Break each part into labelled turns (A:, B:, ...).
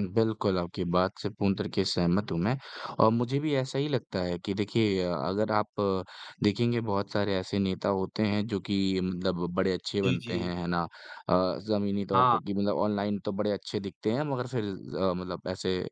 A: बिल्कुल, आपकी बात से पूर्ण तरीके से सहमत हूँ मैं और मुझे भी ऐसा ही लगता है कि देखिए अ, अगर आप देखेंगे बहुत सारे ऐसे नेता होते हैं, जो कि मतलब बड़े अच्छे
B: जी,
A: बनते
B: जी।
A: हैं, है ना? अ, ज़मीनी तौर
B: हाँ।
A: पे कि मतलब ऑनलाइन तो बड़े अच्छे दिखते हैं मगर फिर अ, मतलब ऐसे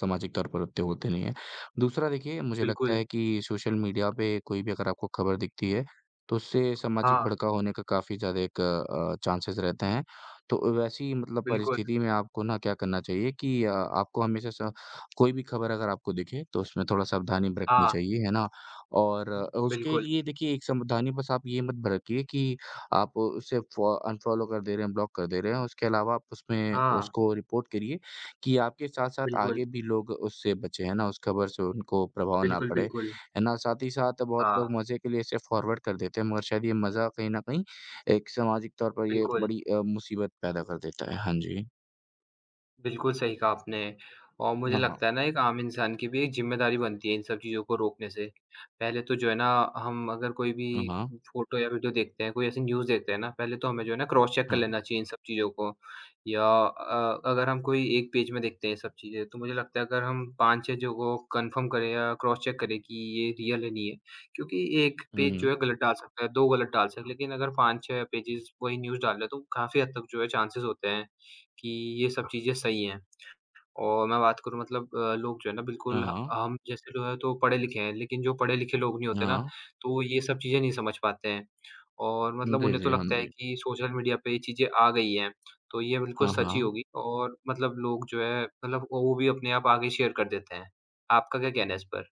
A: सामाजिक तौर पर उत्ते होते नहीं हैं। दूसरा देखिए, मुझे लगता
B: बिल्कुल।
A: है कि सोशल मीडिया पे कोई भी अगर आपको खबर दिखती है, तो उससे सामाजिक
B: हाँ।
A: भड़काव होने का काफ़ी ज़्यादा एक अ, चांसेज़ रहते हैं। तो अ, वैसी मतलब
B: बिल्कुल।
A: परिस्थिति में आपको ना क्या करना चाहिए कि अ, आपको हमेशा स कोई भी खबर अगर आपको दिखे, तो उसमें थोड़ा सावधानी बरतनी
B: हाँ।
A: चाहिए, है ना? और
B: हुँ,
A: अ, उसके
B: बिल्कुल।
A: लिए देखिए एक सावधानी बस आप ये मत बरतिए कि आप उसे फॉ अनफ़ॉलो कर दे रहे हैं, ब्लॉक कर दे रहे हैं, उसके अलावा आप उसमें
B: हाँ।
A: उसको रिपोर्ट करिए कि आपके साथ-साथ
B: बिल्कुल।
A: आगे भी लोग उससे बचे, हैं ना? उस खबर से उनको प्रभाव ना
B: बिल्कुल,
A: पड़े,
B: बिल्कुल।
A: है ना? साथ ही साथ बहुत
B: हाँ।
A: लोग मज़े के लिए इसे फॉरवर्ड कर देते हैं, मगर शायद ये मज़ा कहीं न कहीं एक सामाजिक तौर पर ये
B: बिल्कुल।
A: बड़ी अ, मुसीबत पैदा कर देता है। हाँ जी।
B: बिल्कुल सही कहा आपने, और मुझे
A: हाँ, हाँ।
B: लगता है ना एक आम इंसान की भी एक ज़िम्मेदारी बनती है इन सब चीज़ों को रोकने से। पहले तो जो है ना, हम अगर कोई भी
A: हाँ, हाँ।
B: फ़ोटो या वीडियो देखते हैं, कोई ऐसी न्यूज़ देखते हैं ना, पहले तो हमें जो है ना क्रॉस चेक कर
A: हाँ, हाँ।
B: लेना चाहिए इन सब चीज़ों को। या अ, अगर हम कोई 1 पेज में देखते हैं ये सब चीज़ें, तो मुझे लगता है अगर हम 5-6 जगहों को कन्फ़र्म करें या क्रॉस चेक करें, कि ये रियल है, नहीं है? क्योंकि 1 पेज जो
A: हुँ।
B: है गलत डाल सकता है, 2 गलत डाल सकते हैं, लेकिन अगर 5-6 पेजेज़ वही न्यूज़ डाल रहे, तो काफ़ी हद तक जो है चांसेज़ होते हैं, कि ये सब चीज़ें सही हैं। और मैं बात करूँ मतलब अ, लोग जो है ना
A: हाँ,
B: बिल्कुल ह
A: हाँ।
B: हम जैसे लोग है तो पढ़े-लिखे हैं, लेकिन जो पढ़े-लिखे लोग नहीं होते ना,
A: हाँ।
B: तो वो ये सब चीज़ें नहीं समझ पाते हैं, और
A: हुँ,
B: मतलब
A: जी,
B: उन्हें तो
A: जी। हाँ
B: लगता है
A: जी।
B: कि सोशल मीडिया पे ये चीज़ें आ गई हैं, तो ये बिल्कुल
A: हाँ,
B: सच ही
A: हाँ।
B: होगी और मतलब लोग जो है, मतलब ओ वो भी अपने आप आगे शेयर कर देते हैं। आपका क्या कहना है इस पर?